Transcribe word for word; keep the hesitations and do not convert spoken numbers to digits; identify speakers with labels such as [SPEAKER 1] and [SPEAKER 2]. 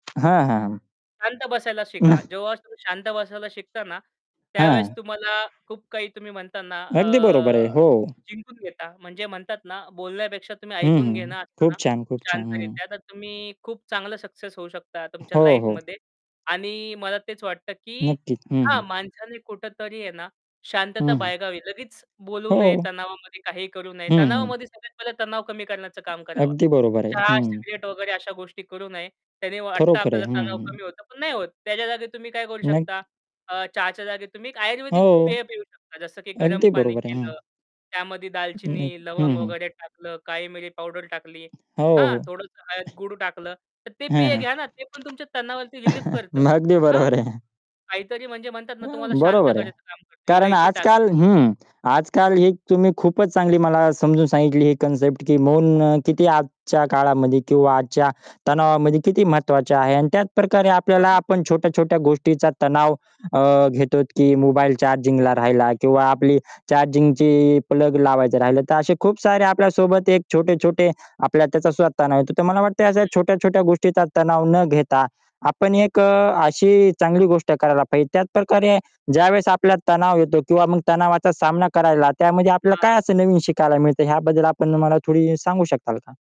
[SPEAKER 1] हां, हां.
[SPEAKER 2] शांत बसायला शिका. जेव्हा तुम्ही शांत बसायला शिकता ना,
[SPEAKER 1] [unintelligible]
[SPEAKER 2] त्यावेळेस
[SPEAKER 1] हां.
[SPEAKER 2] तुम्हाला खूप काही तुम्ही म्हणता ना
[SPEAKER 1] अगदी
[SPEAKER 2] अ,
[SPEAKER 1] बरोबर आहे, हो.
[SPEAKER 2] जिंकून घेता म्हणजे म्हणतात ना बोलण्यापेक्षा तुम्ही
[SPEAKER 1] हं,
[SPEAKER 2] ऐकून
[SPEAKER 1] हं.
[SPEAKER 2] घेणं असतं
[SPEAKER 1] खूप
[SPEAKER 2] ना,
[SPEAKER 1] छान, खूप छान. हं.
[SPEAKER 2] शांतरित्या, तर तुम्ही खूप चांगला सक्सेस होऊ शकता तुमच्या
[SPEAKER 1] हो, हो.
[SPEAKER 2] लाईफमध्ये आणि मला तेच वाटतं, की
[SPEAKER 1] नक्कीच. हं, हं.
[SPEAKER 2] हां, माणसाने कुठेतरी आहे ना
[SPEAKER 1] हं,
[SPEAKER 2] शांतता
[SPEAKER 1] हं.
[SPEAKER 2] बाळगावी. लगेच बोलू नये,
[SPEAKER 1] हो.
[SPEAKER 2] तणावामध्ये काहीही करू नये.
[SPEAKER 1] हं, हं.
[SPEAKER 2] तणावामध्ये सगळ्यात पहिले तणाव कमी करण्याचं काम करावं.
[SPEAKER 1] अगदी बरोबर आहे.
[SPEAKER 2] चहा,
[SPEAKER 1] हं.
[SPEAKER 2] सिगरेट वगैरे अशा गोष्टी करू नये. त्याने वाटतं
[SPEAKER 1] खरोखर आहे.
[SPEAKER 2] आपल्याला
[SPEAKER 1] हं,
[SPEAKER 2] तणाव
[SPEAKER 1] हं.
[SPEAKER 2] कमी होतो पण नाही होत. त्याच्या जागी तुम्ही काय करू शकता,
[SPEAKER 1] नक्की
[SPEAKER 2] अ, चहाच्या जागी तुम्ही एक
[SPEAKER 1] हो.
[SPEAKER 2] आयुर्वेदिक पेय पिऊ शकता. जसं की गरम
[SPEAKER 1] अगदी
[SPEAKER 2] पाणी
[SPEAKER 1] बरोबर आहे. हं.
[SPEAKER 2] केलं, त्यामध्ये
[SPEAKER 1] अ, नाही
[SPEAKER 2] दालचिनी,
[SPEAKER 1] हं,
[SPEAKER 2] लवंग
[SPEAKER 1] हं.
[SPEAKER 2] वगैरे टाकलं, काळीमिरी पावडर टाकली
[SPEAKER 1] हो,
[SPEAKER 2] हां,
[SPEAKER 1] हो.
[SPEAKER 2] थोडंसं हळद, गुळ टाकलं, तर ते
[SPEAKER 1] हं,
[SPEAKER 2] पेय घ्या
[SPEAKER 1] हं.
[SPEAKER 2] ना, ते पण तुमच्या तणावावरती रिलीफ करतं.
[SPEAKER 1] मग अगदी
[SPEAKER 2] हां?
[SPEAKER 1] बरोबर आहे.
[SPEAKER 2] काहीतरी म्हणजे म्हणतात
[SPEAKER 1] अ,
[SPEAKER 2] ना तुम्हाला शांत
[SPEAKER 1] बरोबर आहे.
[SPEAKER 2] करायचं काम करतं.
[SPEAKER 1] कारण
[SPEAKER 2] इलायची टाका
[SPEAKER 1] आजकाल
[SPEAKER 2] त्यामध्ये.
[SPEAKER 1] हं. आजकाल ही तुम्ही खूपच चांगली मला समजून सांगितली ही कन्सेप्ट की मौन किती आजच्या काळामध्ये किंवा आजच्या तणावामध्ये किती महत्त्वाचे आहे आणि त्याचप्रकारे
[SPEAKER 2] हो,
[SPEAKER 1] आपल्याला आपण
[SPEAKER 2] नक्कीच.
[SPEAKER 1] छोट्या-छोट्या गोष्टीचा तणाव अ, घेतोत, की मोबाईल चार्जिंगला राहिला किंवा आपली चार्जिंगची प्लग लावायचं राहिलं. तर असे खूप सारे आपल्या सोबत एक छोटे-छोटे आपल्या त्याचा सुद्धा तणाव येतो, तर मला वाटते अशा
[SPEAKER 2] हं.
[SPEAKER 1] छोट्या-छोट्या गोष्टीचा तणाव न घेता आपण एक अ, अशी चांगली गोष्ट करायला पाहिजे. त्याचप्रकारे ज्यावेळेस आपल्याला तणाव येतो किंवा मग तणावाचा सामना करायला त्यामध्ये आपल्याला काय
[SPEAKER 2] हां.
[SPEAKER 1] असं नवीन शिकायला मिळतं ह्याबद्दल आपण मला थोडी सांगू शकाल का?